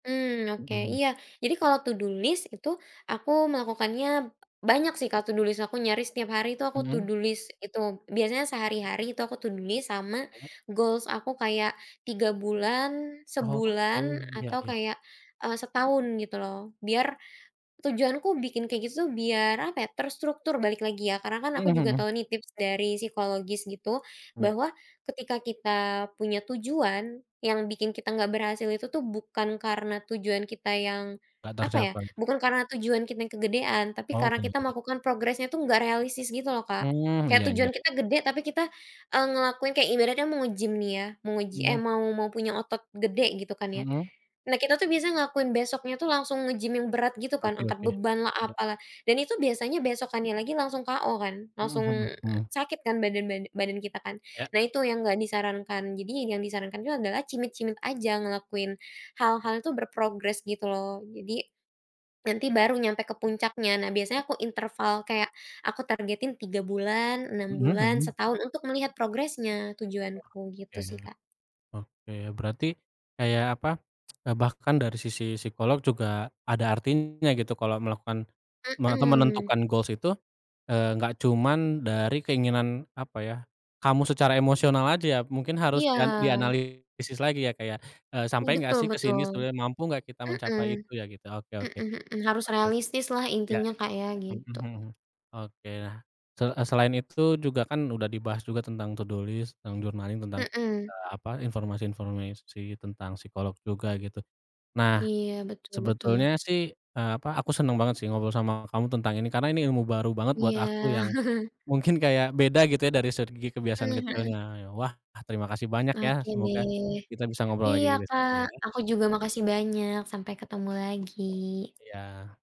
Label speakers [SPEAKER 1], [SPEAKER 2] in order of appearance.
[SPEAKER 1] Mmm, oke,
[SPEAKER 2] Mhm.
[SPEAKER 1] iya. Jadi kalau to do list itu aku melakukannya banyak sih, kalau to do list aku nyaris tiap hari itu aku to
[SPEAKER 2] Mhm.
[SPEAKER 1] do list itu, biasanya sehari-hari itu aku to do list sama
[SPEAKER 2] [unintelligible]
[SPEAKER 1] goals aku kayak 3 bulan,
[SPEAKER 2] Oke.
[SPEAKER 1] sebulan
[SPEAKER 2] Iya
[SPEAKER 1] atau
[SPEAKER 2] iya.
[SPEAKER 1] kayak, eee, setahun gitu loh. Biar tujuanku bikin kayak gitu tuh biar apa ya, terstruktur balik lagi ya. Karena kan aku
[SPEAKER 2] Mhm
[SPEAKER 1] juga
[SPEAKER 2] mhm.
[SPEAKER 1] tahu nih tips dari psikologis gitu,
[SPEAKER 2] Iya.
[SPEAKER 1] bahwa ketika kita punya tujuan yang bikin kita nggak berhasil itu tuh bukan karena tujuan kita yang
[SPEAKER 2] Tak
[SPEAKER 1] apa ya,
[SPEAKER 2] tercapai.
[SPEAKER 1] bukan karena tujuan kita yang kegedean. Tapi
[SPEAKER 2] Oh,
[SPEAKER 1] karena kita
[SPEAKER 2] kegean.
[SPEAKER 1] melakukan progresnya itu enggak realistis gitu loh, Kak.
[SPEAKER 2] Mmm,
[SPEAKER 1] Kayak
[SPEAKER 2] iya
[SPEAKER 1] tujuan
[SPEAKER 2] iya iya.
[SPEAKER 1] kita gede tapi kita, eee, ngelakuin kayak ibaratnya mau nge-gym ya, mau ngeji eh,
[SPEAKER 2] Mhm.
[SPEAKER 1] mau mau punya otot gede gitu kan ya.
[SPEAKER 2] Mhm.
[SPEAKER 1] Nah, kita tuh biasa ngelakuin besoknya tuh langsung nge-gym yang berat gitu kan
[SPEAKER 2] Oke
[SPEAKER 1] angkat
[SPEAKER 2] oke.
[SPEAKER 1] bebanlah,
[SPEAKER 2] Iya.
[SPEAKER 1] apalah. Dan itu biasanya besokannya lagi langsung KO kan,
[SPEAKER 2] Mhm
[SPEAKER 1] langsung
[SPEAKER 2] mhm mhm.
[SPEAKER 1] sakit kan badan bada badan kita kan.
[SPEAKER 2] Iya.
[SPEAKER 1] Nah, itu yang enggak disarankan, jadinya yang disarankan itu adalah cimit-cimit aja, ngelakuin hal-hal itu berprogres gitu loh. Jadi, nanti baru nyampe ke puncaknya. Nah, biasanya aku interval kayak aku targetin 3 bulan, 6
[SPEAKER 2] Mhm,
[SPEAKER 1] bulan,
[SPEAKER 2] hmm.
[SPEAKER 1] setahun untuk melihat progresnya tujuanku,
[SPEAKER 2] Oke.
[SPEAKER 1] gitu sih, Kak.
[SPEAKER 2] Oke. Berarti kayak apa, eee, bahkan dari sisi psikolog juga ada artinya gitu kalau melakukan me atau
[SPEAKER 1] Mmm.
[SPEAKER 2] menentukan goals itu, eee, nggak cuman dari keinginan apa ya, kamu secara emosional aja ya mungkin harus dian
[SPEAKER 1] Iya.
[SPEAKER 2] dianalisis lagi ya, Kak, ya. Eee,
[SPEAKER 1] Ih,
[SPEAKER 2] "Sampai nggak
[SPEAKER 1] betul
[SPEAKER 2] sih ke sini
[SPEAKER 1] betul.
[SPEAKER 2] sebenarnya? Mampu nggak kita mencapai
[SPEAKER 1] Mmm.
[SPEAKER 2] itu ya?" gitu. Oke
[SPEAKER 1] Mhm
[SPEAKER 2] oke.
[SPEAKER 1] mhm. Harus
[SPEAKER 2] Oke.
[SPEAKER 1] realistislah
[SPEAKER 2] Iya
[SPEAKER 1] intinya,
[SPEAKER 2] iya,
[SPEAKER 1] Kak, ya
[SPEAKER 2] ya. Mhm
[SPEAKER 1] gitu.
[SPEAKER 2] mhm. Oke nah, se eee, selain itu juga kan udah dibahas juga tentang to do list, tentang journaling, tentang,
[SPEAKER 1] Mmm.
[SPEAKER 2] eee, apa, informasi-informasi tentang psikolog juga gitu. Nah,
[SPEAKER 1] Iya, betul betul.
[SPEAKER 2] sebetulnya sih, eee, apa, aku seneng banget sih ngobrol sama kamu tentang ini. Karena ini ilmu baru banget buat
[SPEAKER 1] Iya.
[SPEAKER 2] aku yang mungkin kayak beda gitu ya dari segi kebiasaan
[SPEAKER 1] Mmm, mhm.
[SPEAKER 2] kecilnya ya. Wah, terima kasih banyak ya.
[SPEAKER 1] Oke
[SPEAKER 2] Semoga
[SPEAKER 1] deh.
[SPEAKER 2] kita bisa ngobrol
[SPEAKER 1] Iya,
[SPEAKER 2] lagi besok
[SPEAKER 1] Kak.
[SPEAKER 2] ya.
[SPEAKER 1] Aku juga makasih banyak. Sampai ketemu
[SPEAKER 2] Iya.
[SPEAKER 1] lagi.
[SPEAKER 2] Iya.